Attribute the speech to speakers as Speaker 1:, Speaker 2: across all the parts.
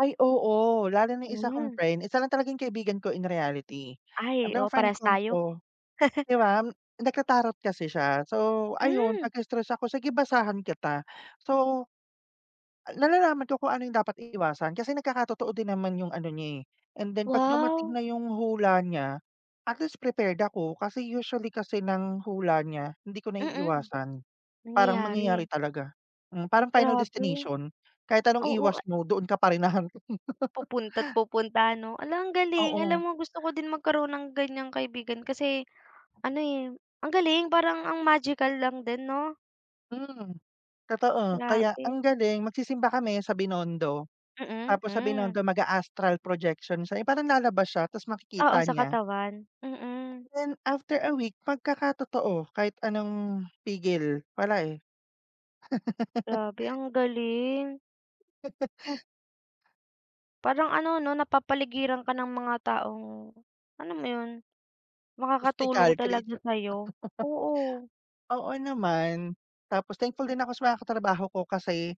Speaker 1: Ay, oo, lalo na 'yung isa kong
Speaker 2: Mm.
Speaker 1: friend, isa lang talaga 'yung kaibigan ko in reality,
Speaker 2: Ay,
Speaker 1: 'tong
Speaker 2: oo,
Speaker 1: friend
Speaker 2: parehas
Speaker 1: kong
Speaker 2: tayo.
Speaker 1: 'to, 'di ba, nagta-tarot kasi siya, so ayun
Speaker 2: Hmm!
Speaker 1: pagka stressed ako, "Sige, basahan kita." So, a nalalaman ko kung ano 'yung dapat iiwasan kasi nagkakatotoo din naman 'yung ano niya, eh. And then pag dumating
Speaker 2: Wow!
Speaker 1: na 'yung hula niya, at least prepared ako. Kasi usually kasi ng hula niya, hindi ko
Speaker 2: Mm.
Speaker 1: naiiwasan. Parang mangyayari
Speaker 2: Nangyayari.
Speaker 1: talaga. Mm, parang Final
Speaker 2: Grabe.
Speaker 1: Destination, kahit anong
Speaker 2: Oo,
Speaker 1: iwas
Speaker 2: a
Speaker 1: mo doon ka pa rin hahantong.
Speaker 2: Pupunta't pupunta 'no? Ala, ang galing. Alam
Speaker 1: Oo.
Speaker 2: mo gusto ko din magkaroon ng ganyang kaibigan kasi, ano, eh, ang galing, parang ang magical lang din 'no?
Speaker 1: Mm. Totoo, kaya
Speaker 2: Grabe.
Speaker 1: ang galing magsisimba kami sa Binondo,
Speaker 2: Mm,
Speaker 1: tapos sa
Speaker 2: mm.
Speaker 1: Binondo mag-a-astral projection siya, 'yung parang lalabas siya ta's
Speaker 2: Oo,
Speaker 1: makikita
Speaker 2: sa
Speaker 1: niya.
Speaker 2: katawan, mm.
Speaker 1: Then after a week, magkakatotoo kahit anong pigil. Wala, eh.
Speaker 2: Grabe, ang galing. Parang ano 'no, napapaligiran ka ng mga taong, alam mo yun, makakatulong
Speaker 1: Mystical
Speaker 2: talaga
Speaker 1: creature.
Speaker 2: sa'yo. Oo.
Speaker 1: Oo naman. Tapos thankful din ako sa mga katrabaho ko kasi,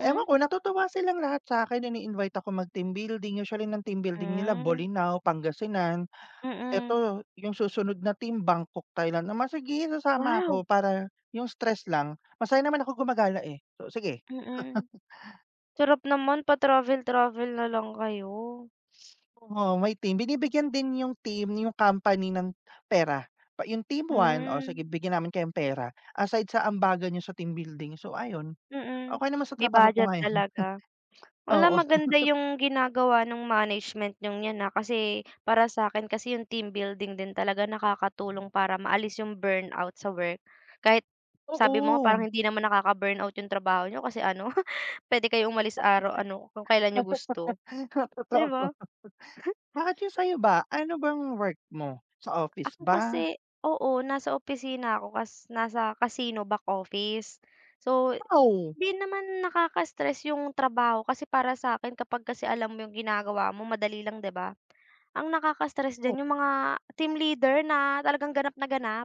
Speaker 1: ewan ko natutuwa silang lahat sa'kin, ini-invite ako mag team building, usually ng team building nila
Speaker 2: Hmm.
Speaker 1: Bolinao, Pangasinan.
Speaker 2: Mm.
Speaker 1: Eto, 'yung susunod na team Bangkok, Thailand naman. "Sige, sasama
Speaker 2: Wow!
Speaker 1: ako," para 'yung stress lang. Masaya naman ako gumagala, eh, so sige.
Speaker 2: Mm. Sarap naman, pa travel-travel na lang kayo.
Speaker 1: Oo, may team. Binibigyan din 'yung team, 'yung company ng pera. Pa 'yung team one o
Speaker 2: Hmm.
Speaker 1: sige bigyan namin kayong pera. Aside sa ambagan niyo sa team building, so ayun.
Speaker 2: Mm.
Speaker 1: Okey naman sa
Speaker 2: May
Speaker 1: trabaho ko
Speaker 2: budget
Speaker 1: ngayon.
Speaker 2: talaga. Wala,
Speaker 1: Oo.
Speaker 2: maganda 'yung ginagawa no'ng management niyong 'yan ha, kasi para sa akin kasi 'yung team building din talaga nakakatulong para maalis 'yung burnout sa work. Kahit sabi mo nga parang
Speaker 1: Oo.
Speaker 2: hindi naman nakaka-burnout 'yung trabaho niyo kasi ano, pwede kayong umalis araw ano, kung kailan niyo gusto. 'Di ba?
Speaker 1: Totoo. Bakit 'yung sa'yo ba? Ano bang work mo? Sa office
Speaker 2: Ako
Speaker 1: ba?
Speaker 2: kasi oo, nasa opisina ako, cas nasa casino back office. So
Speaker 1: Wow!
Speaker 2: 'di naman nakaka-stress 'yung trabaho kasi para sa'kin kapag kasi alam mo 'yung ginagawa mo madali lang 'di ba? Ang nakaka-stress
Speaker 1: O.
Speaker 2: diyan 'yung mga team leader na talagang ganap na ganap.